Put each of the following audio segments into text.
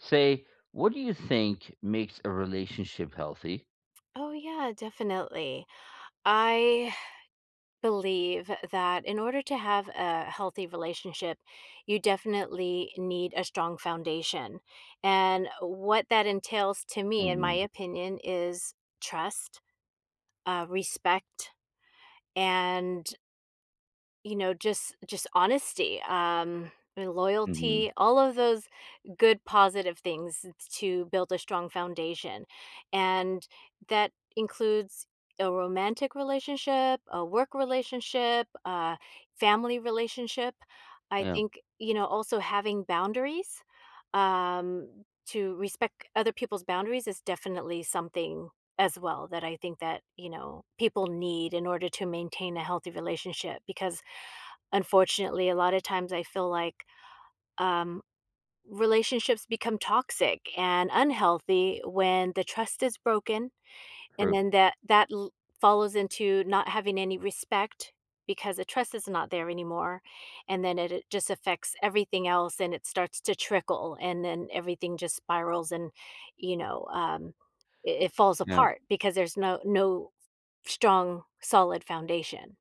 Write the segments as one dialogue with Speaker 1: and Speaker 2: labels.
Speaker 1: Say, what do you think makes a relationship healthy?
Speaker 2: Oh, yeah, definitely. I believe, that in order to have a healthy relationship, you definitely need a strong foundation, and what that entails to me, in my
Speaker 1: Mhm.
Speaker 2: opinion, is trust, uh, respect, and you know, just just honesty, um, and
Speaker 1: Mhm.
Speaker 2: loyalty, all of those good positive things t to build a strong foundation, and that includes a romantic relationship, a work relationship, uh, family relationship. I
Speaker 1: Yeah.
Speaker 2: think, you know, also having boundaries, um, to respect other people's boundaries is definitely something, as well, that I think that, you know, people need in order to maintain a healthy relationship, because, unfortunately, a lotta times, I feel like, um, relationships become toxic and unhealthy when the trust is broken, and
Speaker 1: True.
Speaker 2: then that that l follows into not having any respect, because the trust is not there anymore. And then it just affects everything else, and it starts to trickle, and then, everything just spirals and, you know, um, i it falls
Speaker 1: Yeah.
Speaker 2: apart because there's no no strong, solid foundation.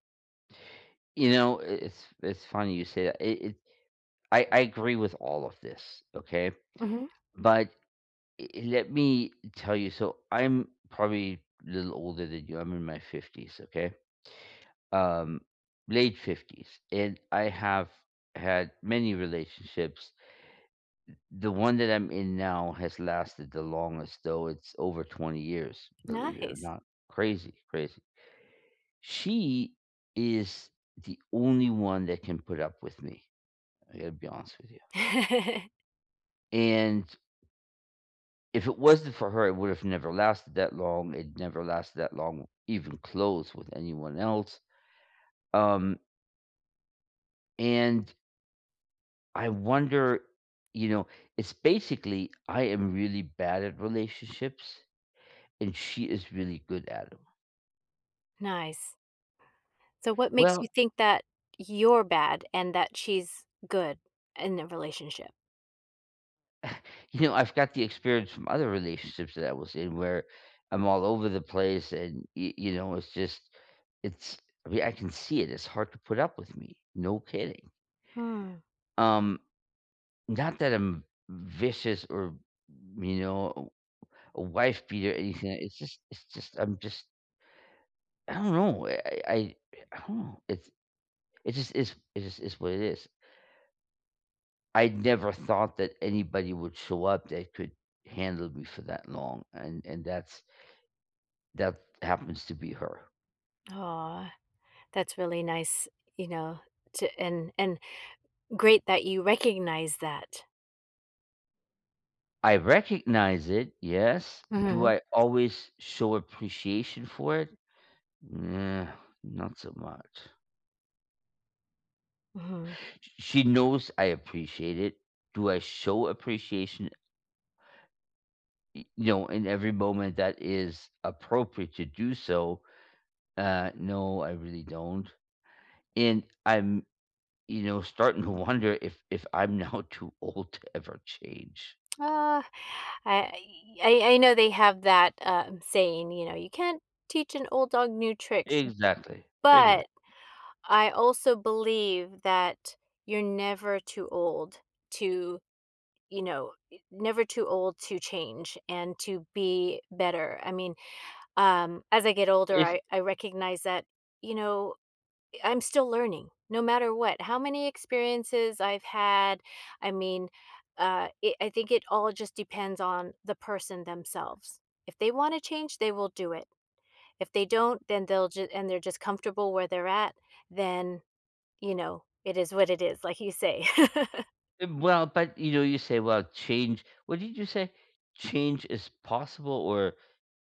Speaker 1: You know, i it's it's funny you say that, it it I I agree with all of this. Okay?
Speaker 2: Mhm.
Speaker 1: But eh let me tell you, so I'm probably a little older than you, I'm in my 50s, okay? Um, late 50s, and I have had many relationships. Th The one that I'm in now has lasted the longest, though, it's over 20 years, believe it or
Speaker 2: Nice.
Speaker 1: not. Crazy, crazy. She is the only one that can put up with me, I gotta be honest with you. And if it wasn't for her, it would have never lasted that long. It never lasted that long, even close, with anyone else. Um and I wonder you know, it's basically, I am really bad at relationships, and she is really good at 'em.
Speaker 2: Nice. So what makes you
Speaker 1: Well
Speaker 2: think that, you're bad and that she's good in the relationship?
Speaker 1: You know, I've got the experience from other relationships that I was in, where, I'm all over the place and, you you know, it's just it's I mean, I can see it, it's hard to put up with me. No kidding.
Speaker 2: Hmm.
Speaker 1: Um, not that I'm vicious or, you know, a a wife beater or anything. It's just it's just I'm just I don't know. I I I I don't know, it's it's just it's it just what it is. I never thought that anybody would show up that could handle me for that long and and that's that happens to be her.
Speaker 2: Aw, that's really nice, you know, to and and great that you recognize that.
Speaker 1: I recognize it, yes. Do
Speaker 2: Mhm.
Speaker 1: I always show appreciation for it? Not so much.
Speaker 2: Mhm.
Speaker 1: Sh she knows I appreciate it. Do I show appreciation y no, and every moment that is appropriate to do so, uh, no, I really don't, and I'm, you know, starting to wonder if if I'm now too old to ever change.
Speaker 2: Aw, I y I I know they have that, uh, saying, you know, "You can't teach an old dog new tricks."
Speaker 1: Exactly. Exact
Speaker 2: But I also believe that you're never too old to, you know, y never too old to change, and to be better, I mean, um, as I get older,
Speaker 1: Is
Speaker 2: I I recognize that, you know, eh, I'm still learning no matter what. How many experiences I've had, I mean, uh, it I think it all just depends on the person, themselves. If they wanna change, they will do it. If they don't, then they'll ju and they're just comfortable where they're at, then, you know, "It is what it is," like you say.
Speaker 1: Ev well but, you know, you say, "Well, change" What did you say? "Change is possible?" Or,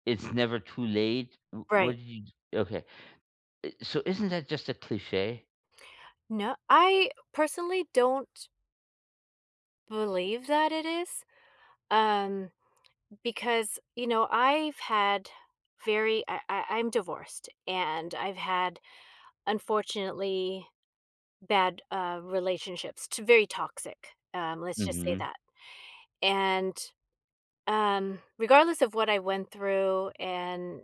Speaker 1: "It's never too late?" W what
Speaker 2: Right.
Speaker 1: did y okay. Eh so, isn't that just a cliche?
Speaker 2: No I personally don't believe that it is, um, because, you know, I've had very I I I'm divorced, and I've had, unfortunately, bad, uh, relationships t very toxic, um, let's just say
Speaker 1: Mhm.
Speaker 2: that. And, um, regardless of what I went through and,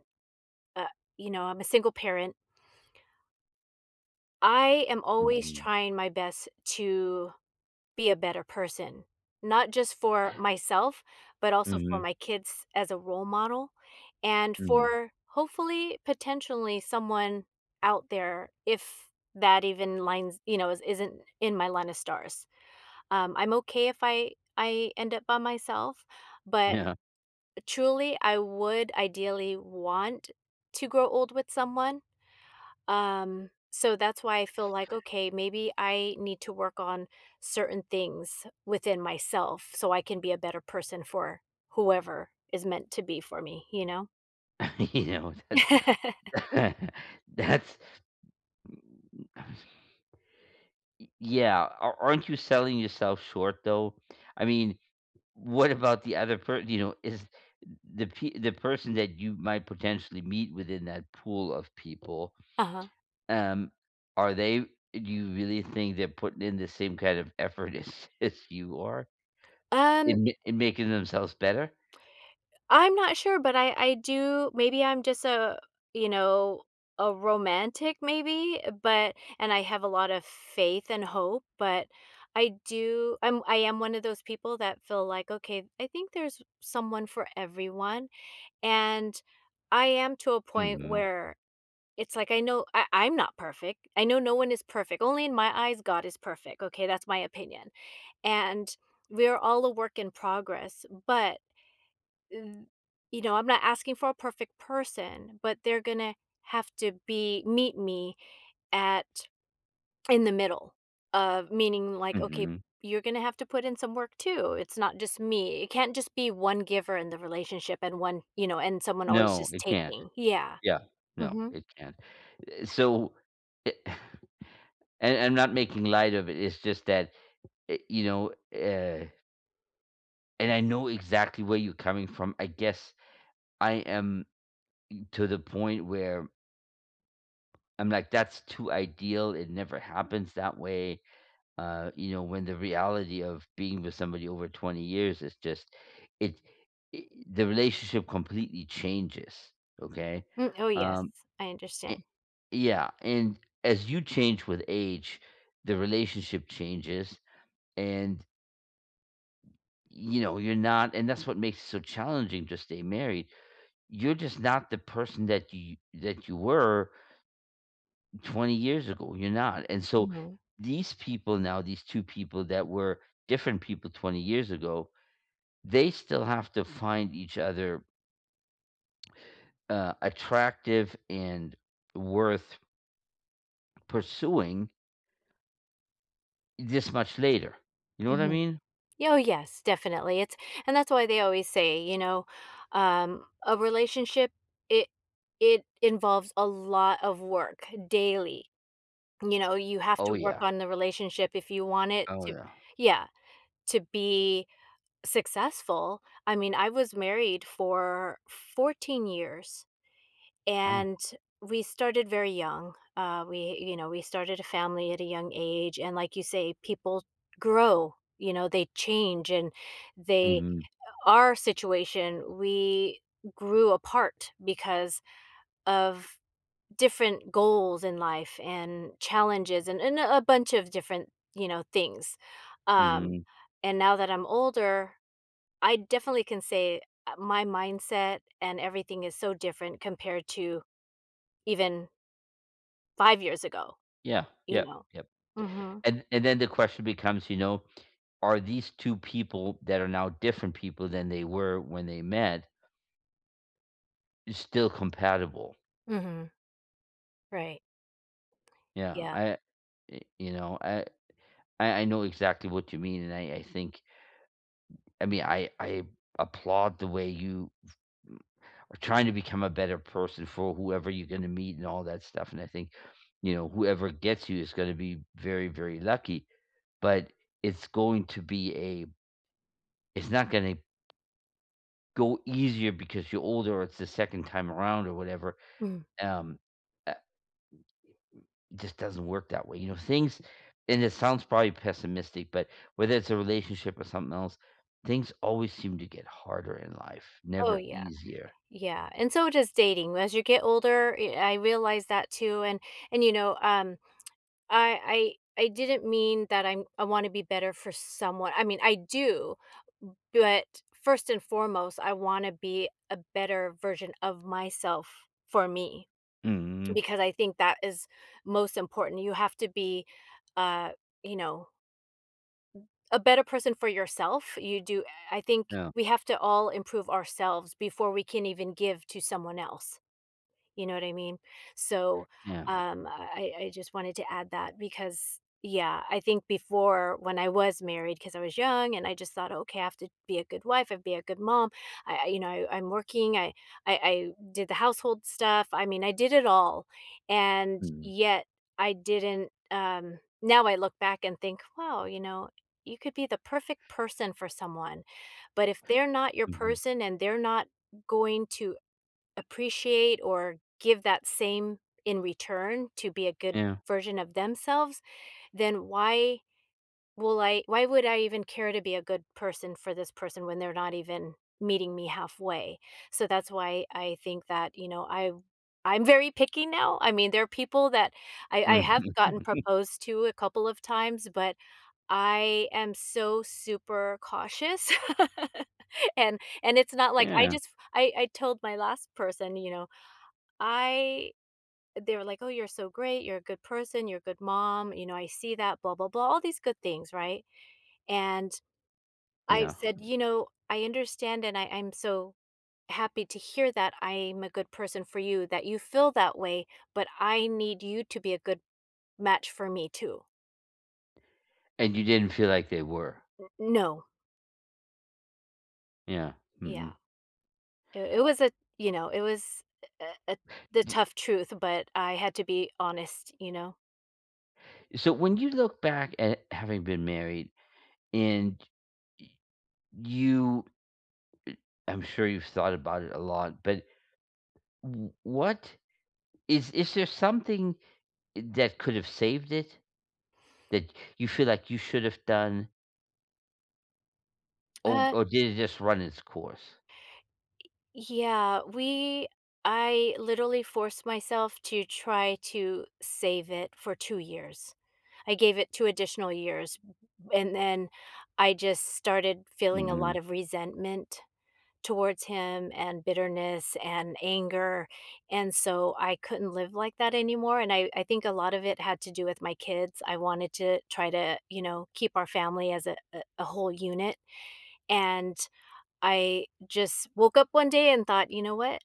Speaker 2: uh you know, I'm a single parent I am always
Speaker 1: Mhm.
Speaker 2: trying my best to be a better person. Not just for myself, but also for
Speaker 1: Mhm.
Speaker 2: my kids as a role model and
Speaker 1: Mm.
Speaker 2: for, hopefully, potentially, someone out there if that even lines you know, i isn't in my line of stars. Um, I'm okay if I I end up by myself, but,
Speaker 1: Yeah.
Speaker 2: eh, truly, I would ideally want to grow old with someone, um, so, that's why I feel like, "Okay, maybe I need to work on certain things within myself so I can be a better person for whoever is meant to be for me." You know?
Speaker 1: You know, that's that's Ye yeah. Ar aren't you selling yourself short, though? I mean, what about the other per you know, is the p the person that you might potentially meet within that pool of people
Speaker 2: Uh-huh.
Speaker 1: t um, are they do you really think they're putting in the same kind of effort as as you are
Speaker 2: Um
Speaker 1: in ma in making themselves better?
Speaker 2: I'm not sure, but I I do maybe I'm just a, you know, a romantic maybe, but and I have a lot of faith and hope, but I do I'm I am one of those people that feel like, "Okay. I think there's someone for everyone." And I am to a point
Speaker 1: Mhm.
Speaker 2: where it's like, I know I I'm not perfect. I know no one is perfect. Only in my eyes, God is perfect. Okay, that's my opinion, and we are all a work in progress, but th you know, I'm not asking for a perfect person, but they're gonna have to be meet me at in the middle, of meaning, like, "Okay.
Speaker 1: Mhm.
Speaker 2: You're gonna have to put in some work too. It's not just me." It can't just be 1 giver in the relationship and one you know, and someone always
Speaker 1: No,
Speaker 2: just
Speaker 1: it can't.
Speaker 2: taking. Yeah.
Speaker 1: Yeah. No.
Speaker 2: Mhm.
Speaker 1: It can't. Eh so a and I'm not making light of it. It's just that, eh you know, eh And I know exactly where you coming from, I guess I am to the point where I'm like, that's too ideal, it never happens that way, uh, you know, when the reality of being with somebody over 20 years is just it i the relationship completely changes. Okay?
Speaker 2: Mm Oh, yes.
Speaker 1: Um,
Speaker 2: I
Speaker 1: an
Speaker 2: understand.
Speaker 1: Yeah, and as you change with age, the relationship changes and you know, you're not and that's what makes it so challenging to stay married, you're just not the person that you that you were 20 years ago, you're not, and so
Speaker 2: Mhm.
Speaker 1: these people now, these 2 people that were different people 20 years ago, they still have to find each other uh, attractive and worth pursuing this much later. You know what I
Speaker 2: Mhm.
Speaker 1: mean?
Speaker 2: Oh, yes. Definitely. It's and that's why they always say, you know, um, a relationship, it it involves a lot of work daily. You know, you have
Speaker 1: Oh,
Speaker 2: to work
Speaker 1: yeah.
Speaker 2: on the relationship if you want it
Speaker 1: Oh,
Speaker 2: to
Speaker 1: yeah.
Speaker 2: Yeah, to be successful. I mean, I was married for 14 years,
Speaker 1: Oh.
Speaker 2: and we started very young. Um, we, you know, we started a family at a young age, and like you say, people grow. You know, they change, and they
Speaker 1: Mhm.
Speaker 2: our situation, we grew apart because of different goals in life and challenges and and a bunch of different, you know, things. Um,
Speaker 1: Mhm.
Speaker 2: and now that I'm older, I definitely can say, uh, my mindset and everything is so different compared to even 5 years ago.
Speaker 1: Yeah,
Speaker 2: You
Speaker 1: yep,
Speaker 2: know?
Speaker 1: yep,
Speaker 2: Mhm.
Speaker 1: and and then the question becomes, you know, are these 2 people, that are now different people than they were when they met still compatible?
Speaker 2: Mhm. Right.
Speaker 1: Yeah.
Speaker 2: Yeah.
Speaker 1: I y you know, I I I know exactly what you mean, and I I think I mean, I I applaud the way you are trying to become a better person for whoever you're gonna meet, and all that stuff, and I think, you know, whoever gets you, is gonna be very, very lucky. But, it's going to be a it's not gonna go easier, because you're older, or it's the second time around, or whatever.
Speaker 2: Mm.
Speaker 1: Um, eh it just doesn't work that way, you know, things and it sounds probably pessimistic, but, whether it's a relationship or something else, things always seem to get harder in life,
Speaker 2: Oh,
Speaker 1: never
Speaker 2: yeah.
Speaker 1: easier.
Speaker 2: Yeah, and so does dating. As you get older, y I realize that too, and and, you know, um, I I I didn't mean that I'm I wanna be better for someone I mean, I do. But first and foremost, I wanna be a better version of myself, for me,
Speaker 1: Mhm.
Speaker 2: because I think that is most important. You have to be, uh, you know a better person for yourself. You do I I think,
Speaker 1: Yeah.
Speaker 2: we have to all improve ourselves, before we can even give to someone else. You know what I mean? So,
Speaker 1: Yeah.
Speaker 2: um, I I just wanted to add that, because yeah, I think before, when I was married 'cause I was young, and I just thought, "Okay, I have to be a good wife. I have to be a good mom." I I you know, I I'm working. I I I did the household stuff. I mean, I did it all, and
Speaker 1: Mhm.
Speaker 2: yet I didn't, um now I look back and think, "Wow," you know, "you could be the perfect person for someone, but if they're not your
Speaker 1: Mhm.
Speaker 2: person, and they're not going to appreciate, or give that same in return to be a good
Speaker 1: Yeah.
Speaker 2: version of themselves, then why will I why would I even care to be a good person for this person, when they're not even meeting me halfway?" So, that's why I think that, you know, I I'm very picky now. I mean, there are people that I I have
Speaker 1: Mhm.
Speaker 2: gotten proposed to a couple of times, but I am so super cautious. And and it's not like, I
Speaker 1: Yeah.
Speaker 2: just I I told my last person, you know, I they were like, "Oh, you're so great. You're a good person. You're a good mom," you know, "I see that. Blah, blah, blah," all these good things, right? And, I
Speaker 1: Yeah.
Speaker 2: said, "You know, I understand, and I I'm so happy to hear that I'm a good person for you, that you feel that way, but I need you to be a good match for me too."
Speaker 1: And you didn't feel like they were?
Speaker 2: N no.
Speaker 1: Yeah,
Speaker 2: Yeah.
Speaker 1: mhm.
Speaker 2: I it was a you know, it was a a a the
Speaker 1: Y
Speaker 2: tough truth, but I had to be honest, you know?
Speaker 1: So, when you look back at having been married and y you I I'm sure you've thought about it a lot, but w what is is there something that could have saved it? That you feel like you should have done oh
Speaker 2: Uh
Speaker 1: or did it just run its course?
Speaker 2: Yeah, we I literally forced myself to try to save it for 2 years. I gave it 2 additional years, b b and then I just started feeling a lot
Speaker 1: Mhm.
Speaker 2: of resentment towards him and bitterness and anger, and so, I couldn't live like that anymore, and I I think a lot of it had to do with my kids. I wanted to try to, you know, keep our family as a a a whole unit, and I just woke up one day and thought, "You know what?"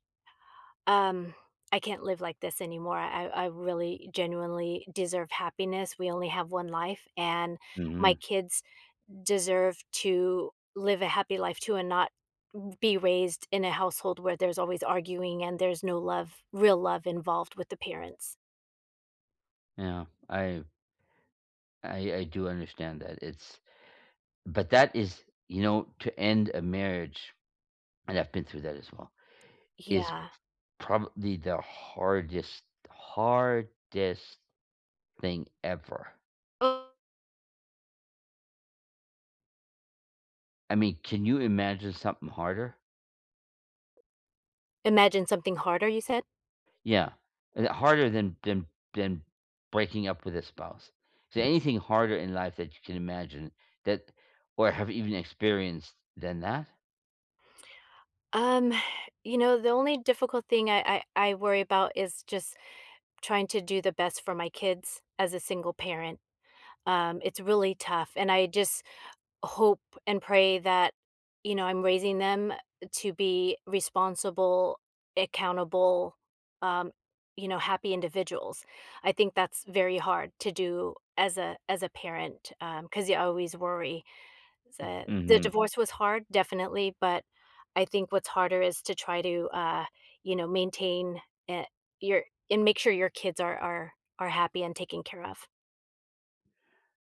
Speaker 2: Um, "I can't live like this anymore. I I really genuinely deserve happiness. We only have 1 life, and my
Speaker 1: Mhm.
Speaker 2: kids deserve to live a happy life too and not n be raised in a household where there's always arguing and there's no love real love involved with the parents."
Speaker 1: Yeah. I I I do understand that it's but that is you know, to end a marriage, and I've been through that as well, is p
Speaker 2: Yeah.
Speaker 1: probably the hardest, hardest thing ever.
Speaker 2: Oh.
Speaker 1: I mean, can you imagine something harder?
Speaker 2: Imagine something harder, you said?
Speaker 1: Yeah. H Harder than than than breaking up with a spouse. Is there anything harder in life that you can imagine that or have even experienced than that?
Speaker 2: Um, you know, the only difficult thing I I I worry 'bout is just trying to do the best for my kids as a single parent. Um, it's really tough, and I just hope and pray that, you know, I'm raising them to be responsible, accountable, um, you know, happy individuals. I think that's very hard to do as a as a parent, um, 'cause you always worry.
Speaker 1: M
Speaker 2: So, the
Speaker 1: Mhm.
Speaker 2: divorce was hard, definitely, but I think what's harder is to try to, uh, you know, maintain, eh, your and make sure your kids are are are happy and taken care of.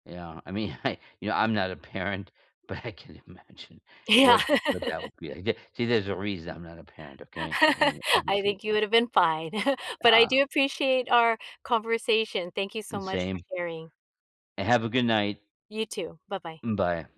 Speaker 1: Yeah. I mean, I, you know, I'm not a parent, but I can imagine
Speaker 2: Yeah.
Speaker 1: what what that would be like. The see, there's a reason I'm not a parent, okay? And
Speaker 2: I
Speaker 1: obviously
Speaker 2: think you would have been fine, but I do
Speaker 1: Ah
Speaker 2: appreciate our conversation. Thank you so
Speaker 1: And
Speaker 2: much for
Speaker 1: same.
Speaker 2: sharing.
Speaker 1: And have a good night.
Speaker 2: You too. Bye-bye.
Speaker 1: Mm bye.